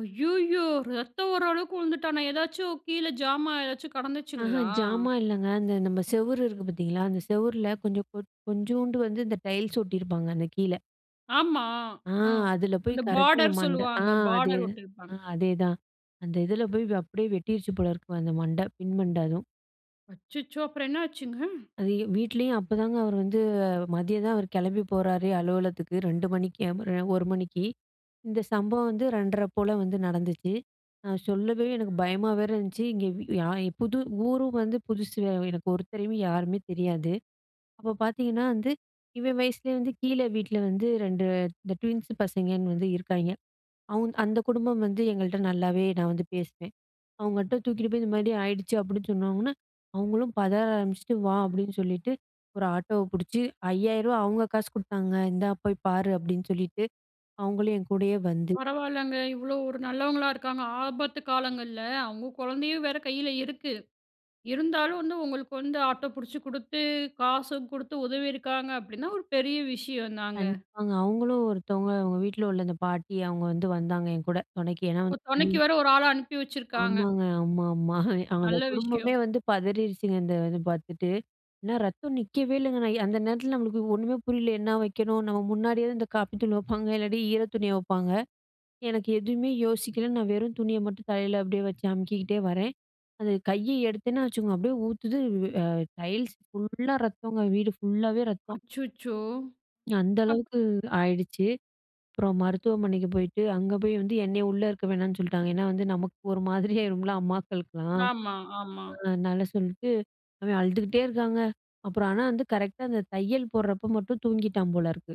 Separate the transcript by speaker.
Speaker 1: ஐயய்யோ! ரத்தம் வரளவுக்கு உழுந்துட்டானா? ஏதாச்சும் கீழே ஜாமா ஏதாச்சும்
Speaker 2: அஹ.
Speaker 1: கெடந்துச்சுங்களா?
Speaker 2: ஜாமா இல்லங்க. அந்த நம்ம செவுரு இருக்கு பாத்தீங்களா! அந்த செவுர்ல, கொஞ்ச கொட் கொஞ்சுண்டு வந்து இந்த டைல்ஸ் ஒட்டியிருப்பாங்க அந்த கீல.
Speaker 1: ஆமா.
Speaker 2: ஆ.
Speaker 1: ம்.
Speaker 2: அதில போயி
Speaker 1: அந்த
Speaker 2: கரெக்ட்டா இந்த
Speaker 1: பாடர்
Speaker 2: மண்ட ஆ
Speaker 1: சொல்லுவாங்க,
Speaker 2: அதே
Speaker 1: பாடர்
Speaker 2: அ
Speaker 1: ஒட்டிருப்பாங்
Speaker 2: அதேதான். அந்த இதில போய் அப்டியே வெட்டிருச்சு போல இருக்கு அந்த மண்ட பின் மண்ட அதும்.
Speaker 1: அச்சுச்சோ! அப்புறம் என்னாச்சுங்க?
Speaker 2: அது, எ வீட்லயும் அப்போதாங்க அவரு வந்து மதியம் தான் அவர் கெளம்பி போறாரே அலுவலகத்துக்கு 2:00 மணிக்கு எ மறு எ 1:00 மணிக்கு. இந்த சம்பவம் வந்து 2:30 போல வந்து நடந்துச்சு. நான் சொல்லவே எனக்கு பயமா வேற இருந்துச்சு. இங்கே வி யா இ புது ஊரும் வந்து புதுசு வே எனக்கு ஒருத்தரையும் யாருமே தெரியாது. அப்போ பாத்தீங்ன்னா வந்து, இவன் வயசிலயே வந்து கீழ வீட்ல வந்து 2 இந்த ட்வின்ஸ் பசங்கய்ன்னு வந்து இருக்காய்ங்க. அவுந் அந்த குடும்பம் வந்து எங்கள்ட்ட நல்லாவே நான் வந்து பேசுவேன். அவுங்கட்ட தூக்கிட்டு போய், "இந்த மாரி ஆயிடுச்சு" அப்டின்னு சொன்னொன்னே, அவுங்களும் பதர ஆரம்பிச்சுட்டு "வா" அப்டின்னு சொல்லிட்டு, ஒரு ஆட்டோவ புடிச்சு ரூ. 5000 அவுங்க காசு குடுத்தாங்க, "இந்தா போய் பாரு" அப்டின்னு சொல்லிட்டு, அவுங்களும் என் கூடயே வந்து
Speaker 1: பரவால்லங்க! இவ்ளோ ஒரு நல்லவங்களா இருக்காங்க. ஆபத்து காலங்கள்ல, அவுங்க கொழந்தையும் வேற கையில இருக்கு. இருந்தாலும் வந்து, உங்களுக்கு வந்து ஆட்டோ புடிச்சு குடுத்து, காசும் குடுத்து உதவியிருக்காங்க அப்டின்னா, ஒரு பெரிய விஷயம் தாங்க.
Speaker 2: கண்டிப்பாங்க. அவுங்களும் ஒருத்தவங்க அவுங்க வீட்ல உள்ள அந்த பாட்டி, அவுங்க வந்து வந்தாங்க என்கூட, தொணைக்கு. ஏன்னா
Speaker 1: ஒ! தொணைக்கு
Speaker 2: வந்தி
Speaker 1: வேற ஒரு ஆள அனுப்பி வச்சிருக்காங்க.
Speaker 2: ஆமாங்க. ஆமா, ஆமா. அந்த
Speaker 1: நல்ல விஷயம்.
Speaker 2: குடும்பமே வந்து பதரிருச்சுங்க, இந்த இது பாத்துட்டு. என்னா ரத்தம் நிக்கவே இல்லங்க. நான் அந்த நேரத்தில நம்மளுக்கு ஒண்ணுமே புரியல. என்னா வைக்கணும்? நம்ம முன்னாடியாவது இந்த காப்பி தூள் வைப்பாங்க, இல்லாட்டி ஈர துணிய வப்பாங்க. எனக்கு எதுமே யோசிக்கல. நான் வெறும் துணிய மட்டும் தலையில அப்டியே வைச்சு அமுக்கிக்கிட்டே வரேன். அந்த கைய எடுத்தேன்னா வைச்சுக்கோங்க, அப்டியே ஊத்துது, வ் எ டைல்ஸ் ஃபுல்லா ரத்தோங்க, வீடு ஃபுல்லாவே ரத்தம்.
Speaker 1: அச்சுச்சோ!
Speaker 2: அந்த
Speaker 1: அப்
Speaker 2: அளவுக்கு ஆயிடுச்சு. அப்புறம் மருத்துவமனைக்கு போயிட்டு, அங்கே போய் வந்து என்னைய உள்ள இருக்க வேணான்னு சொல்லிட்டாங்க. ஏன்னா வந்து நமக்கு ஒரு மாதிரியாயுருமில்ல அம்மாக்களுக்கலாம்.
Speaker 1: ஆமா, ஆமா.
Speaker 2: அ அதனால சொல்லிட்டு, அவன் அழுதுக்கிட்டே இருக்காங்க. அப்புறம் ஆனா வந்து கரெக்ட்டா அந்த தையல் போட்றப்போ மட்டும் தூங்கிட்டான் போல இருக்கு.